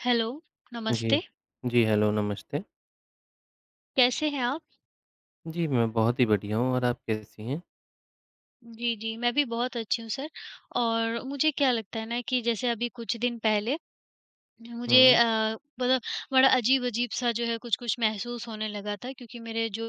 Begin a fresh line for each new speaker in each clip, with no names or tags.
Hello,
जी।
नमस्ते।
जी, hello नमस्ते।
कैसे हैं आप?
जी, मैं बहुत ही बढ़िया हूँ और आप कैसी हैं?
जी, जी। मैं भी बहुत अच्छी हूँ सर और मुझे क्या लगता है ना कि जैसे अभी कुछ दिन पहले, मुझे
हुँ।
अ, ब बड़ा अजीब-अजीब सा जो है कुछ-कुछ महसूस होने लगा था। क्योंकि मेरे जो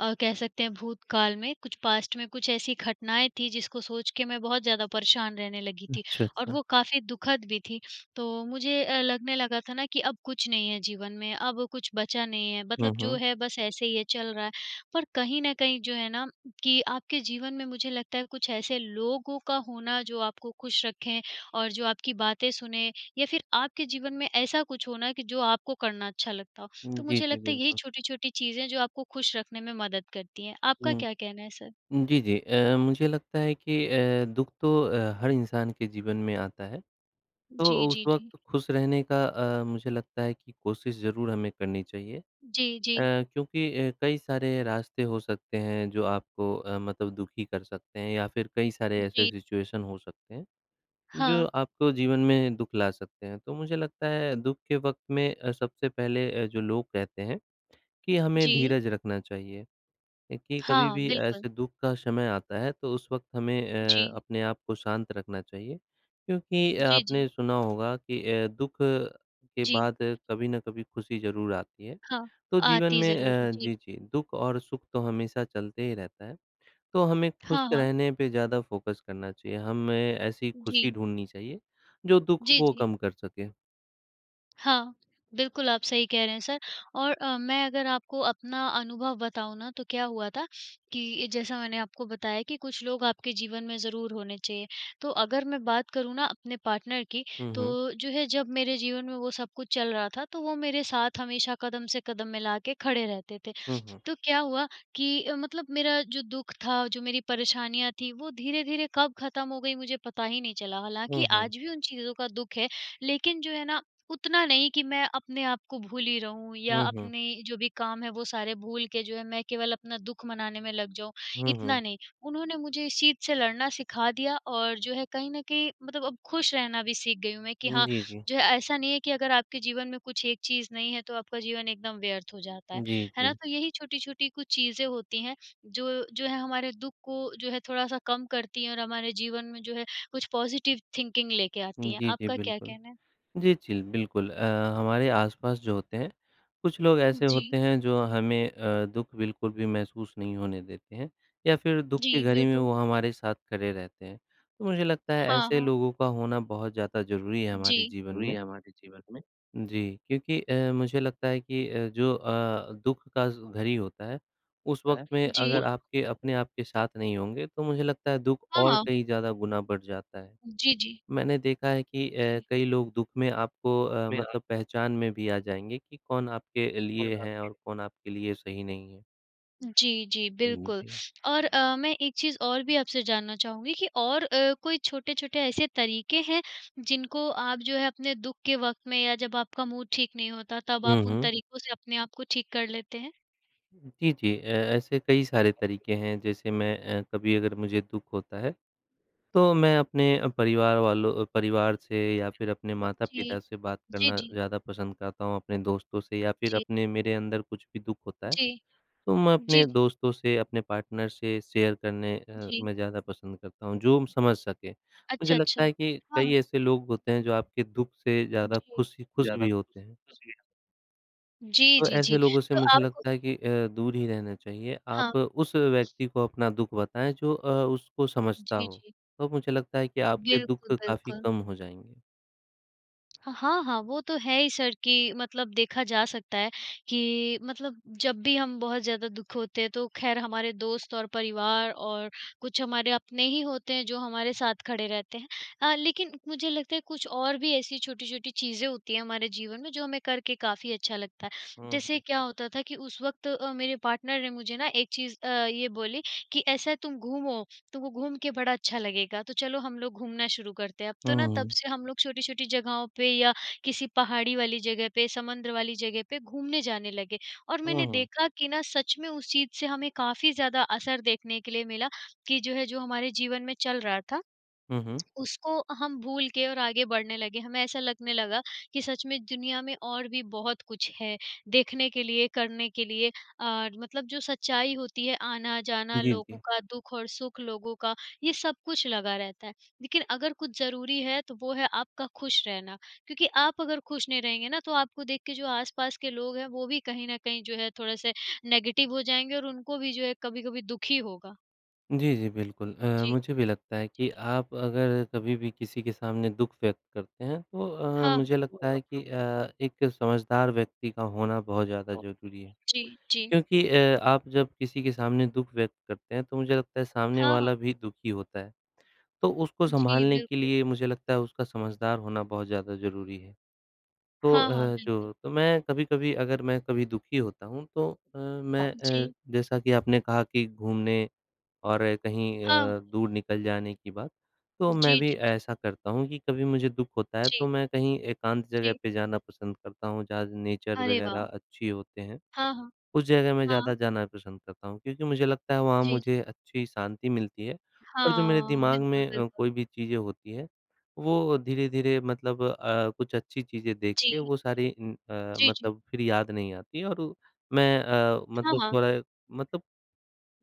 अ, कह सकते हैं भूतकाल में, कुछ पास्ट में कुछ ऐसी घटनाएँ थी जिसको सोच के मैं बहुत ज़्यादा परेशान रहने लगी थी
अच्छा,
और
अच्छा।
वो काफ़ी दु:खद भी थी। तो मुझे अ, लगने लगा था ना कि अब कुछ नहीं है जीवन में, अब कुछ बचा नहीं है।
हुँ,
मतलब जो
हुँ।
है बस ऐसे ही है, चल रहा है, पर कहीं न कहीं जो है ना कि आपके जीवन में मुझे लगता है कुछ ऐसे लोगों का होना जो आपको खुश रखें और जो आपकी बातें सुने या फिर आपके जीवन में ऐसा कुछ होना कि जो आपको करना अच्छा लगता हो।
उ,
तो
जी,
मुझे
जी
लगता है यही
बिल्कुल।
छोटी-छोटी चीज़ें हैं जो आपको खुश रखने में मदद करती हैं। आपका
हुँ।
क्या कहना है सर?
जी, जी, अ, मुझे लगता है कि अ, दुःख तो अ, हर इंसान के जीवन में आता है,
जी,
तो उस
जी, जी।
वक़्त खुश रहने का अ, मुझे लगता है कि कोशिश ज़रूर हमें करनी चाहिए अ,
जी, जी।
क्योंकि अ, कई सारे रास्ते हो सकते हैं जो आपको अ, मतलब दुःखी कर सकते हैं या फिर कई सारे ऐसे
जी।
सिचुएशन हो सकते हैं जो
हाँ।
आपको जीवन में दुःख ला सकते हैं। तो मुझे लगता है दुःख के वक़्त में सबसे पहले अ, जो लोग कहते हैं कि हमें
जी।
धीरज रखना चाहिए। क्योंकि
हाँ,
कभी-भी
बिल्कुल।
ऐसे दुःख का समय आता है तो उस वक़्त हमें अ,
जी।
अपने आप को शांत रखना चाहिए क्योंकि
जी, जी।
आपने सुना होगा कि अ, दुःख के
जी।
बाद कभी न कभी खुशी ज़रूर आती है।
हाँ,
तो जीवन
आती
में
ज़रूर है।
अ,
जी।
जी, जी, दुःख और सुख तो हमेशा चलते ही रहता है। तो हमें खुश
हाँ, हाँ।
रहने पे ज़्यादा फ़ोकस करना चाहिए। हमें ऐसी खुशी
जी।
ढूँढनी चाहिए जो दुःख
जी,
को
जी।
कम कर सके।
हाँ, बिल्कुल आप सही कह रहे हैं सर और अ, मैं अगर आपको अपना अनुभव बताऊँ ना तो क्या हुआ था, कि जैसा मैंने आपको बताया कि कुछ लोग आपके जीवन में ज़रूर होने चाहिए, तो अगर मैं बात करूँ ना अपने पार्टनर की,
हुँ, हुँ।
तो जो है जब मेरे जीवन में वो सब कुछ चल रहा था, तो वो मेरे साथ हमेशा कदम से कदम मिलाके खड़े रहते थे।
हुँ, हुँ।
तो क्या हुआ कि अ, मतलब मेरा जो दुःख था, जो मेरी परेशानियाँ थीं वो धीरे-धीरे कब ख़त्म हो गई मुझे पता ही नहीं चला, हालाँकि
हुँ, हुँ।
आज भी उन चीज़ों का दुःख है, लेकिन जो है ना उतना नहीं कि मैं अपने आप को भूली रहूँ या
हुँ, हुँ।
अपने जो भी काम है, वो सारे भूल के जो है मैं केवल अपना दुःख मनाने में लग जाऊँ,
हुँ,
इतना
हुँ।
नहीं। उन्होंने मुझे इस चीज़ से लड़ना सिखा दिया और जो है कहीं न कहीं मतलब अब खुश रहना भी सीख गई हूँ मैं कि
उम,
हाँ,
जी, जी।
जो है ऐसा नहीं है कि अगर आपके जीवन में कुछ एक चीज़ नहीं है, तो आपका जीवन एकदम व्यर्थ हो जाता है,
जी,
है ना?
जी।
तो यही छोटी-छोटी कुछ चीज़ें होती हैं, जो जो है हमारे दुःख को जो है थोड़ा-सा कम करती है और हमारे जीवन में जो है कुछ पॉज़िटिव थिंकिंग लेके आती हैं,
जी, जी,
आपका क्या
बिल्कुल।
कहना है?
जी, जी, ल बिल्कुल अ, हमारे आस-पास जो होते हैं, कुछ लोग
उ,
ऐसे
जी।
होते हैं जो हमें अ, दुःख बिल्कुल भी महसूस नहीं होने देते हैं या फिर दुःख की
जी,
घड़ी में
बिल्कुल।
वो हमारे साथ खड़े रहते हैं। तो मुझे लगता है
हाँ,
ऐसे
हाँ।
लोगों का होना बहुत ज़्यादा ज़रूरी है हमारे
जी।
जीवन में। जी। क्योंकि अ, मुझे लगता है कि अ, जो अ, दुःख का ज़ घरी होता है उस वक़्त में
जी।
अगर आपके अपने आप के साथ नहीं होंगे तो मुझे लगता है दुःख और
हाँ।
कहीं ज़्यादा गुना बढ़ जाता है।
जी, जी।
मैंने देखा है कि अ,
जी।
कई लोग दुःख में आपको अ, मतलब पहचान में भी आ जाएँगे कि कौन आपके लिए है और कौन आपके लिए सही नहीं है।
जी, जी
हुँ।
बिल्कुल
जी।
और अ, मैं एक चीज़ और भी आपसे जानना चाहूँगी कि और अ, कोई छोटे-छोटे ऐसे तरीके हैं जिनको आप जो है अपने दुःख के वक़्त में या जब आपका मूड ठीक नहीं होता तब
हुँ,
आप उन
हुँ।
तरीकों से अपने आप को ठीक कर लेते हैं?
जी, जी। अ, ऐसे कई सारे तरीके हैं, जैसे मैं अ, कभी अगर मुझे दुःख होता है तो मैं अपने अ, परिवार वालों परिवार से या फिर अपने
जी।
माता-पिता से बात
जी,
करना
जी।
ज़्यादा पसंद करता हूँ, अपने दोस्तों से या फिर
जी।
अपने मेरे अंदर कुछ भी दुःख होता है
जी।
तो मैं
जी।
अपने दोस्तों से, अपने पार्टनर से शेयर करने अ,
जी।
में ज़्यादा पसंद करता हूँ जो समझ सके। मुझे
अच्छा, अच्छा।
लगता है कि
हाँ,
कई
हाँ।
ऐसे लोग होते हैं जो आपके दुःख से ज़्यादा
जी।
खुशी खुश भी होते हैं।
जी,
तो
जी,
ऐसे
जी।
लोगों से
तो
मुझे
आप
लगता है कि अ, दूर ही रहना चाहिए।
हाँ।
आप उस व्यक्ति को अपना दुःख बताएँ जो अ, उसको समझता
जी,
हो,
जी।
तो मुझे लगता है कि आपके
बिल्कुल,
दुःख काफ़ी
बिल्कुल।
कम हो जाएँगे।
ह हाँ, हाँ, वो तो है ही सर, कि मतलब देखा जा सकता है, कि मतलब जब भी हम बहुत ज़्यादा दुख होते हैं, तो ख़ैर, हमारे दोस्त और परिवार और कुछ हमारे अपने ही होते हैं, जो हमारे साथ खड़े रहते हैं। अ, लेकिन मुझे लगता है, कुछ और भी ऐसी छोटी-छोटी चीज़ें होती हैं, हमारे जीवन में, जो हमें करके काफ़ी अच्छा लगता है।
हुँ,
जैसे
हुँ।
क्या होता था कि उस वक़्त अ, मेरे पार्टनर ने मुझे ना, एक चीज़ अ, ये बोली कि, "ऐसा है, तुम घूमो। तुमको घूम के बड़ा अच्छा लगेगा। तो चलो, हम लोग घूमना शुरू करते हैं।" अब तो ना, तब
हुँ।
से हम लोग छोटी-छोटी जगहों पे, या किसी पहाड़ी वाली जगह पे, समंदर वाली जगह पे घूमने जाने लगे। और
हुँ,
मैंने
हुँ।
देखा कि ना, सच में, उस चीज़ से हमें काफ़ी ज़्यादा असर देखने के लिए मिला, कि जो है, जो हमारे जीवन में चल रहा था,
हुँ, हुँ।
उसको हम भूल के, और आगे बढ़ने लगे। हमें ऐसा लगने लगा कि सच में, दुनिया में और भी बहुत कुछ है, देखने के लिए, करने के लिए, और मतलब जो सच्चाई होती है, आना-जाना
जी,
लोगों
जी।
का, दुःख और सुख लोगों का, ये सब कुछ लगा रहता है। लेकिन अगर कुछ ज़रूरी है, तो वो है आपका खुश रहना। क्योंकि आप अगर खुश नहीं रहेंगे ना, तो आपको देख के जो आस-पास के लोग हैं, वो भी कहीं न कहीं, जो है, थोड़े-से नेगेटिव हो जाएँगे और उनको भी, जो है, कभी-कभी दुख ही होगा।
जी, जी, बिल्कुल अ,
जी।
मुझे भी लगता है कि
जी।
आप अगर कभी भी, किसी के सामने दुख व्यक्त करते हैं, तो अ,
हाँ।
मुझे लगता है कि अ, एक समझदार व्यक्ति का होना बहुत ज़्यादा ज़रूरी है,
जी, जी।
क्योंकि अ, आप जब किसी के सामने दुख व्यक्त करते हैं, तो मुझे लगता है, सामने
हाँ, हाँ।
वाला भी दुखी होता है। तो उसको
जी,
सँभालने के
बिल्कुल।
लिए, मुझे लगता है, उसका समझदार होना बहुत ज़्यादा ज़रूरी है। तो
हाँ,
अ,
हाँ, बिल्कुल।
जो तो मैं कभी-कभी, अगर मैं कभी दुखी होता हूँ, तो अ, मैं अ,
जी।
जैसा कि आपने कहा कि घूमने, और कहीं
हाँ।
अ, दूर निकल जाने की बात, तो मैं
जी,
भी
जी, जी।
ऐसा करता हूँ कि कभी मुझे दुख होता है,
जी।
तो मैं कहीं एकांत जगह
जी।
पे जाना पसंद करता हूँ, जहाँ नेचर
अरे,
वगैरह
वाह!
अच्छी होते हैं।
हाँ, हाँ।
उस जगह मैं
हाँ।
ज़्यादा जाना पसंद करता हूँ, क्योंकि मुझे लगता है, वहाँ
जी, जी।
मुझे अच्छी शांति मिलती है, और जो मेरे
हाँ,
दिमाग
बिल्कुल,
में अ,
बिल्कुल।
कोई भी चीज़ें होती हैं, वो धीरे-धीरे मतलब अ, कुछ अच्छी चीज़ें देख के,
जी।
वो सारी उम, अ,
जी, जी।
मतलब फिर याद नहीं आती हैं, और मैं अ,
हाँ,
मतलब
हाँ।
थोड़ा मतलब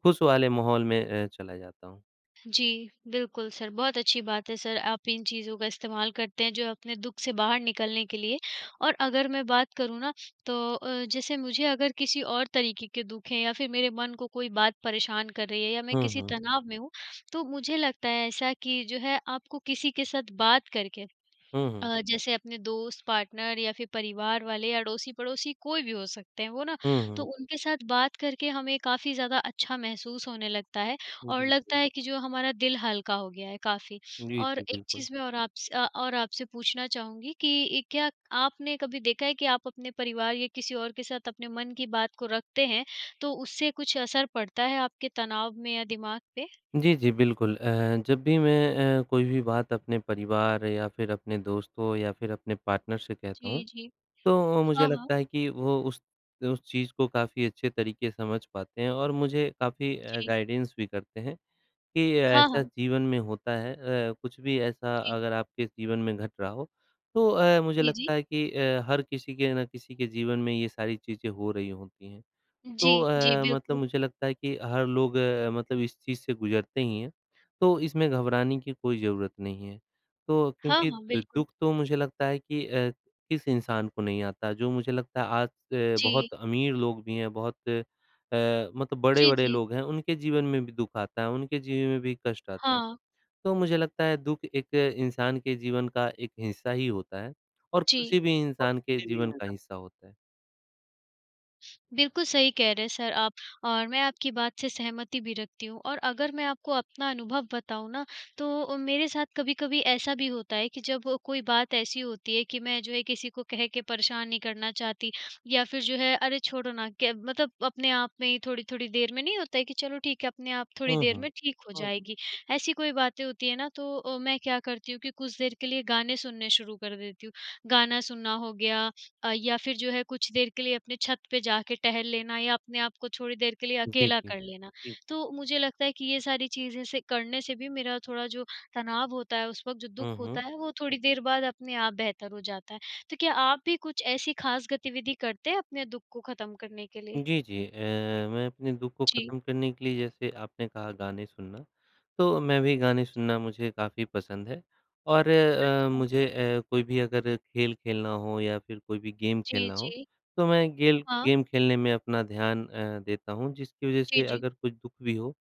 खुश वाले माहौल में अ, चला जाता हूँ।
जी, बिल्कुल सर बहुत अच्छी बात है सर, आप इन चीज़ों का इस्तेमाल करते हैं जो है अपने दुःख से बाहर निकलने के लिए। और अगर मैं बात करूँ ना तो अ, जैसे मुझे अगर किसी और तरीके के दुःख हैं या फिर मेरे मन को कोई बात परेशान कर रही है या मैं
हुँ,
किसी
हुँ।
तनाव में हूँ, तो मुझे लगता है ऐसा कि जो है आपको किसी के साथ बात करके
हुँ, हुँ।
अ, जैसे अपने दोस्त, पार्टनर या फिर परिवार वाले या अड़ोसी-पड़ोसी कोई भी हो सकते हैं, वो ना
हुँ,
तो
हुँ।
उनके साथ बात करके हमें काफ़ी ज़्यादा अच्छा महसूस होने लगता है और
जी
लगता
हुँ।
है कि जो हमारा दिल हल्का हो गया है काफ़ी।
जी,
और
जी,
एक
बिल्कुल।
चीज़ मैं और आप स अ, और आपसे पूछना चाहूँगी कि क्या आपने कभी देखा है कि आप अपने परिवार या किसी और के साथ अपने मन की बात को रखते हैं, तो उससे कुछ असर पड़ता है आपके तनाव में या दिमाग पे?
जी, जी, बिल्कुल अ, जब भी मैं अ, कोई भी बात अपने परिवार या फिर अपने दोस्तों या फिर अपने पार्टनर से कहता हूँ,
जी, जी।
तो अ, मुझे
हाँ, हाँ।
लगता है कि वो उस उस चीज़ को काफ़ी अच्छे तरीके से समझ पाते हैं और मुझे काफ़ी अ,
जी।
गाइडेंस भी करते हैं। कि
हाँ,
ऐसा
हाँ।
जीवन में होता है अ, कुछ भी ऐसा
जी।
अगर आपके जीवन में घट रहा हो, तो अ, मुझे
जी, जी।
लगता है कि अ, हर किसी के ना किसी के जीवन में ये सारी चीज़ें हो रही होती हैं। तो
जी, जी,
अ, मतलब
बिल्कुल।
मुझे लगता है कि हर लोग मतलब इस चीज़ से गुजरते ही हैं, तो इसमें घबराने की कोई ज़रूरत नहीं है। तो
हाँ,
क्योंकि
हाँ,
द
बिल्कुल।
दुःख तो मुझे लगता है कि अ, किस इंसान को नहीं आता, जो मुझे लगता है आज अ,
जी।
बहुत अमीर लोग भी हैं, बहुत अ, मतलब
जी,
बड़े-बड़े
जी।
लोग हैं उनके जीवन में भी दुःख आता है, उनके जीवन में भी कष्ट आता है।
हाँ।
तो मुझे लगता है दुःख एक इंसान के जीवन का एक हिस्सा ही होता है और
जी।
किसी भी इंसान के जीवन का हिस्सा होता है।
बिल्कुल, सही कह रहे हैं सर आप और मैं आपकी बात से सहमति भी रखती हूँ, और अगर मैं आपको अपना अनुभव बताऊँ ना, तो अ, मेरे साथ कभी-कभी ऐसा भी होता है कि जब कोई बात ऐसी होती है, कि मैं जो है किसी को कह के परेशान नहीं करना चाहती या फिर जो है, अरे, छोड़ो ना क्य मतलब अपने आप में ही थोड़ी-थोड़ी देर में नहीं होता है, कि चलो ठीक है अपने आप थोड़ी
हुँ,
देर
हुँ।
में ठीक हो जाएगी। ऐसी कोई बातें होती हैं ना, तो अ, मैं क्या करती हूँ कि कुछ देर के लिए गाने सुनने शुरू कर देती हूँ। गाना सुनना हो गया अ, या फिर जो है कुछ देर के लिए अपने छत पे जाके टहल लेना या अपने आप को थोड़ी देर के लिए
जी,
अकेला
जी।
कर लेना। तो मुझे लगता है कि ये सारी चीज़ें से करने से भी मेरा थोड़ा जो तनाव होता है उस वक़्त, जो
हुँ,
दुःख
हुँ।
होता है, वो थोड़ी देर बाद अपने आप बेहतर हो जाता है। तो क्या आप भी कुछ ऐसी खास गतिविधि करते हैं, अपने दुःख को ख़त्म करने के लिए?
जी, जी अ, मैं अपने दुःख को
जी।
ख़त्म करने के लिए जैसे आपने कहा गाने सुनना, तो मैं भी गाने
जी।
सुनना मुझे काफ़ी पसंद है और अ,
अच्छा।
मुझे अ, कोई भी अगर खेल खेलना हो या फिर कोई भी गेम
जी,
खेलना हो,
जी।
तो मैं गेल
हाँ।
गेम खेलने में अपना ध्यान अ, देता हूँ। जिसकी वजह
जी,
से
जी।
अगर कोई दुःख भी हो,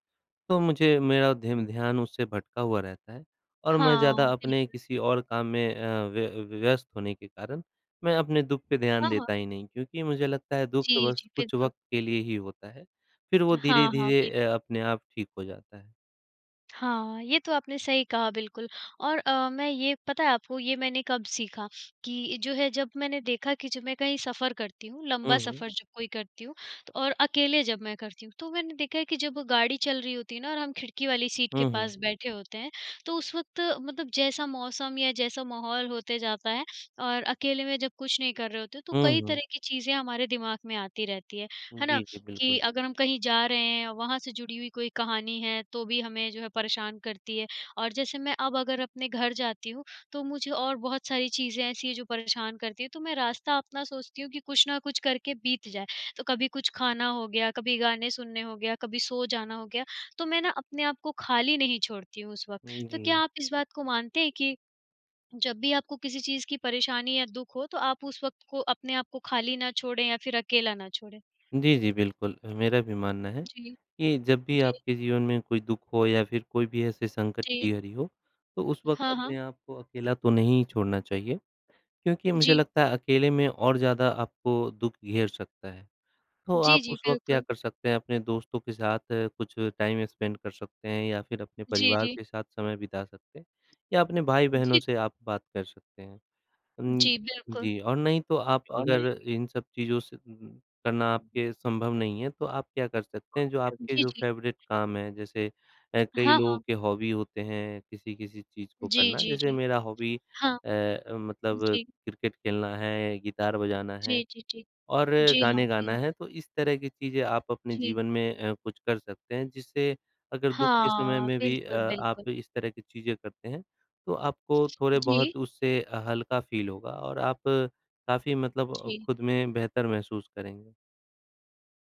तो मुझे मेरा धेम ध्यान उससे भटका हुआ रहता है और मैं ज़्यादा
हाँ,
अपने
बिल्कुल।
किसी और काम में अ, व्य व्यस्त होने के कारण, मैं अपने दुःख पे ध्यान
हाँ, हाँ।
देता ही नहीं। क्योंकि मुझे लगता है दुःख तो
जी,
बस
जी,
कुछ
बिल्कुल।
वक़्त के लिए ही होता है, फिर वो
हाँ, हाँ,
धीरे-धीरे
बिल्कुल।
अ, अपने आप ठीक हो जाता है।
हाँ, ये तो आपने सही कहा बिल्कुल और अ, मैं ये पता है आपको ये मैंने कब सीखा? कि जो है जब मैंने देखा कि जब मैं कहीं सफ़र करती हूँ,
हुँ,
लंबा
हुँ।
सफ़र जब कोई करती हूँ और अकेले जब मैं करती हूँ, तो मैंने देखा है कि जब वो गाड़ी चल रही होती है ना, और हम खिड़की वाली सीट के
हुँ, हुँ।
पास बैठे होते हैं, तो उस वक़्त मतलब जैसा मौसम या जैसा माहौल होते जाता है और अकेले में जब कुछ नहीं कर रहे होते तो
हुँ,
कई
हुँ।
तरह की चीज़ें हमारे दिमाग़ में आती रहती हैं। है ना?
जी, जी
कि
बिल्कुल।
अगर हम कहीं जा रहे हैं और वहाँ से जुड़ी हुई कोई कहानी है तो भी हमें जो है परेशान करती है और जैसे मैं अब अगर अपने घर जाती हूँ, तो मुझे और बहुत सारी चीज़ें ऐसी हैं जो परेशान करती हैं, तो मैं रास्ता अपना सोचती हूँ कि कुछ न कुछ करके बीत जाए। तो कभी कुछ खाना हो गया, कभी गाने सुनने हो गया, कभी सो जाना हो गया, तो मैं ना अपने आप को खाली नहीं छोड़ती हूँ उस वक़्त।
उ,
तो क्या
जी।
आप इस बात को मानते हैं कि जब भी आपको किसी चीज़ की परेशानी या दुख हो तो आप उस वक़्त को अपने आप को खाली ना छोड़ें या फिर अकेला ना छोड़ें।
जी, जी बिल्कुल। अ, मेरा भी मानना है
जी।
कि जब भी
जी।
आपके जीवन में कोई दुख हो या फिर कोई भी ऐसे संकट
जी।
की घड़ी हो, तो उस वक़्त
हाँ,
अपने
हाँ।
आप को अकेला तो नहीं छोड़ना चाहिए। क्योंकि मुझे
जी।
लगता है अकेले में और ज़्यादा आपको दुख घेर सकता है। तो
जी,
आप
जी।
उस वक़्त क्या
बिल्कुल।
कर सकते हैं अपने दोस्तों के साथ कुछ टाइम स्पेंड कर सकते हैं या फिर अपने
जी,
परिवार
जी।
के साथ समय बिता सकते हैं या अपने
जी,
भाई-बहनों
जी।
से आप बात कर सकते हैं। अम,
जी बिल्कुल।
जी, और नहीं तो आप अगर इन सब चीज़ों से करना आपके संभव नहीं है तो आप क्या कर सकते हैं, जो आपके
जी,
जो
जी।
फ़ेवरेट काम हैं, जैसे अ, कई
हाँ,
लोगों
हाँ।
के हॉबी होते हैं किसी-किसी चीज़ को
जी,
करना,
जी,
जैसे
जी।
मेरा हॉबी
हाँ।
अ, मतलब
जी।
क्रिकेट खेलना है, गिटार बजाना है
जी, जी, जी।
और
जी हाँ,
गाने
जी
गाना
हाँ।
है। तो इस तरह की चीज़ें आप अपने
जी।
जीवन में अ, कुछ कर सकते हैं जिससे अगर दुख के समय
हाँ।
में भी अ,
बिल्कुल, बिल्कुल।
आप इस तरह की चीज़ें करते हैं तो आपको थोड़े
जी।
बहुत उससे हल्का फ़ील होगा और आप काफ़ी मतलब
जी।
खुद में बेहतर महसूस करेंगे।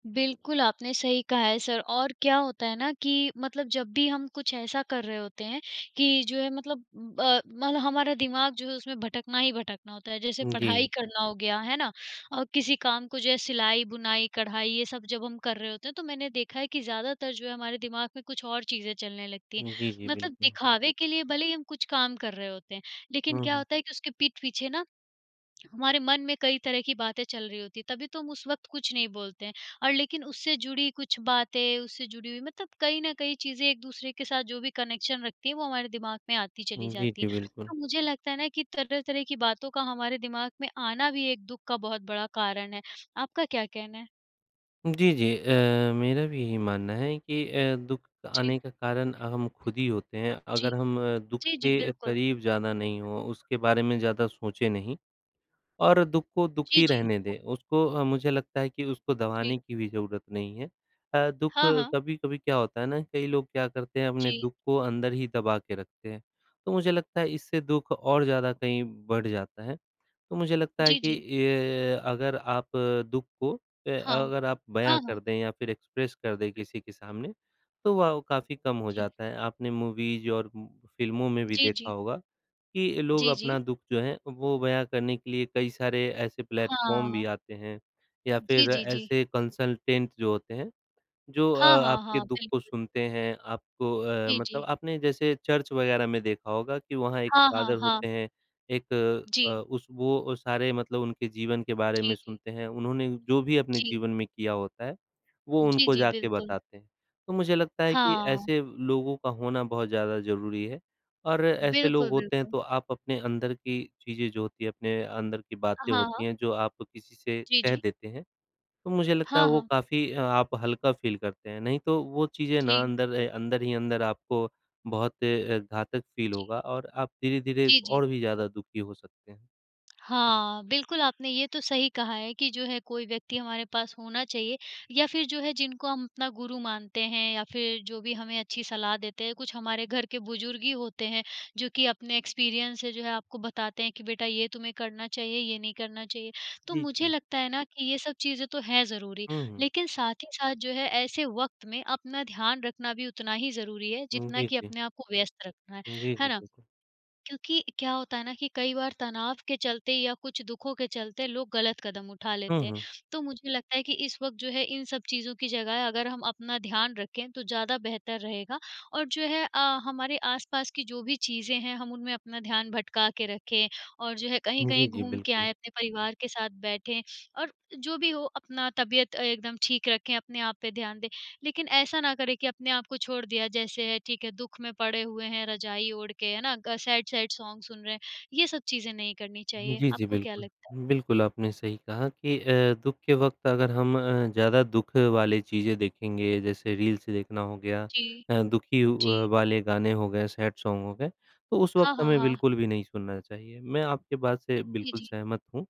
बिल्कुल, आपने सही कहा है, सर और क्या होता है ना कि मतलब जब भी हम कुछ ऐसा कर रहे होते हैं कि जो है, मतलब अ, मतलब हमारा दिमाग जो है, उसमें भटकना ही भटकना होता है, जैसे पढ़ाई
जी।
करना हो गया, है ना? अ, किसी काम को, जो है, सिलाई, बुनाई, कढ़ाई, ये सब जब हम कर रहे होते हैं, तो मैंने देखा है कि ज़्यादातर जो है, हमारे दिमाग में कुछ और चीज़ें चलने लगती हैं।
जी, जी,
मतलब
बिल्कुल।
दिखावे के लिए भले ही हम कुछ काम कर रहे होते हैं, लेकिन
हुँ,
क्या
हुँ।
होता है कि उसके पीठ पीछे ना, हमारे मन में कई तरह की बातें चल रही होती हैं। तभी तो हम उस वक़्त कुछ नहीं बोलते हैं, और लेकिन उससे जुड़ी कुछ बातें, उससे जुड़ी हुई, मतलब कहीं न कहीं, चीज़ें एक दूसरे के साथ जो भी कनेक्शन रखती हैं, वो हमारे दिमाग में आती चली
जी,
जाती
जी,
हैं।
बिल्कुल।
तो मुझे लगता है ना कि तरह-तरह की बातों का हमारे दिमाग में आना भी एक दुख का बहुत बड़ा कारण है। आपका क्या कहना है?
जी, जी अ, मेरा भी यही मानना है कि अ, दुख
जी।
आने का कारण हम खुद ही होते हैं।
जी।
अगर हम दुख
जी, जी,
के
बिल्कुल।
करीब ज़्यादा नहीं, हों उसके बारे में ज़्यादा सोचे नहीं, और दुख को दुख
जी,
ही
जी।
रहने दें, उसको अ, मुझे लगता है कि उसको
जी।
दबाने की भी ज़रूरत नहीं है। अ, दुख
हाँ, हाँ।
कभी-कभी क्या होता है ना, कई लोग क्या करते हैं, अपने
जी।
दुख को अंदर ही दबा के रखते हैं। तो मुझे लगता है, इससे दुख और ज़्यादा कहीं बढ़ जाता है। तो मुझे लगता है
जी,
कि
जी।
इ अगर आप दुख को ए
हाँ।
अगर आप बयाँ
हाँ, हाँ।
कर दें, या फिर एक्सप्रेस कर दें, किसी के सामने, तो वो काफ़ी कम हो
जी।
जाता है। आपने मूवीज़ और फ़िल्मों में भी
जी,
देखा
जी।
होगा कि लोग
जी,
अपना
जी।
दुख जो है, वो बयाँ करने के लिए कई सारे ऐसे प्लेटफ़ॉर्म भी
हाँ।
आते हैं, या
जी,
फिर
जी, जी।
ऐसे कंसल्टेंट जो होते हैं, जो अ,
हाँ, हाँ,
आपके
हाँ,
दुख को
बिल्कुल।
सुनते हैं। आपको अ,
जी,
मतलब
जी।
आपने जैसे चर्च वगैरह में देखा होगा कि वहाँ एक
हाँ, हाँ,
फ़ादर
हाँ।
होते हैं, एक अ,
जी।
उस वो अ, सारे मतलब उनके जीवन के बारे में
जी, जी।
सुनते हैं। उन्होंने जो भी अपने
जी।
जीवन में किया होता है, वो
जी,
उनको
जी,
जाके
बिल्कुल।
बताते हैं। तो मुझे लगता है कि
हाँ।
ऐसे लोगों का होना बहुत ज़्यादा ज़रूरी है, और ऐसे लोग
बिल्कुल,
होते हैं,
बिल्कुल।
तो आप अपने अंदर की चीज़ें जो होती हैं, अपने अंदर की
अ,
बातें
हाँ,
होती
हाँ।
हैं, जो आप किसी से
जी,
कह
जी।
देते हैं, तो मुझे लगता है,
हाँ,
वो
हाँ।
काफ़ी आप हल्का फ़ील करते हैं। नहीं, तो वो चीज़ें ना,
जी।
अंदर ए अंदर ही अंदर आपको बहुत अ, घातक फ़ील
जी।
होगा और आप धीरे-धीरे
जी, जी।
और भी ज़्यादा दुखी हो सकते हैं।
हाँ, बिल्कुल आपने ये तो सही कहा है कि जो है कोई व्यक्ति हमारे पास होना चाहिए या फिर जो है, जिनको हम अपना गुरु मानते हैं या फिर जो भी हमें अच्छी सलाह देते हैं, कुछ हमारे घर के बुज़ुर्ग ही होते हैं, जो कि अपने एक्सपीरियंस से जो है आपको बताते हैं कि बेटा ये तुम्हें करना चाहिए, ये नहीं करना चाहिए। तो
जी,
मुझे
जी।
लगता है ना कि ये सब चीज़ें तो हैं ज़रूरी,
हुँ, हुँ।
लेकिन साथ ही साथ जो है ऐसे वक़्त में अपना ध्यान रखना भी उतना ही ज़रूरी है,
हुँ,
जितना
जी,
कि
जी।
अपने आप को व्यस्त रखना है,
जी, जी,
है ना?
बिल्कुल।
क्योंकि क्या होता है ना कि कई बार तनाव के चलते या कुछ दुखों के चलते लोग ग़लत कदम उठा
हुँ,
लेते हैं,
हुँ।
तो मुझे लगता है कि इस वक़्त जो है इन सब चीज़ों की जगह अगर हम अपना ध्यान रखें, तो ज़्यादा बेहतर रहेगा। और जो है अ, हमारे आस-पास की जो भी चीज़ें हैं हम उनमें अपना ध्यान भटका के रखें, और जो है
जी,
कहीं-कहीं
जी,
घूम के
बिल्कुल।
आएँ, अपने परिवार के साथ बैठें और जो भी हो अपना तबीयत अ, एकदम ठीक रखें, अपने आप पे ध्यान दें। लेकिन ऐसा ना करें कि अपने आप को छोड़ दिया, जैसे है ठीक है, दुःख में पड़े हुए हैं रजाई ओढ़ के, है ना? ग सैड-सैड सॉन्ग सुन रहे हैं, ये सब चीज़ें नहीं करनी
हुँ,
चाहिए,
जी, जी,
आपको क्या
बिल्कुल।
लगता है?
बिल्कुल, आपने सही कहा कि अ, दुःख के वक़्त अगर हम अ, ज़्यादा दुःख वाली चीज़ें देखेंगे, जैसे रील्स देखना हो गया
जी।
अ, दुखी व
जी।
वाले गाने हो गए, सैड सॉन्ग हो गए, तो उस
हाँ,
वक़्त
हाँ,
हमें
हाँ।
बिल्कुल भी नहीं सुनना चाहिए, मैं आपकी बात से
जी,
बिल्कुल
जी।
सहमत हूँ।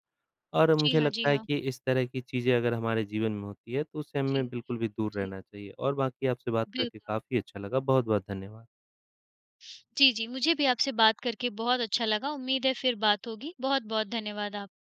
और
जी
मुझे
हाँ, जी
लगता है
हाँ।
कि इस तरह की चीज़ें अगर हमारे जीवन में होती हैं, तो उस से
जी।
हमें बिल्कुल भी दूर
जी।
रहना चाहिए और बाक़ी आपसे बात करके
बिल्कुल।
काफ़ी अच्छा, लगा बहुत-बहुत धन्यवाद।
जी, जी, मुझे भी आपसे बात करके बहुत अच्छा लगा। उम्मीद है फिर बात होगी, बहुत-बहुत धन्यवाद आप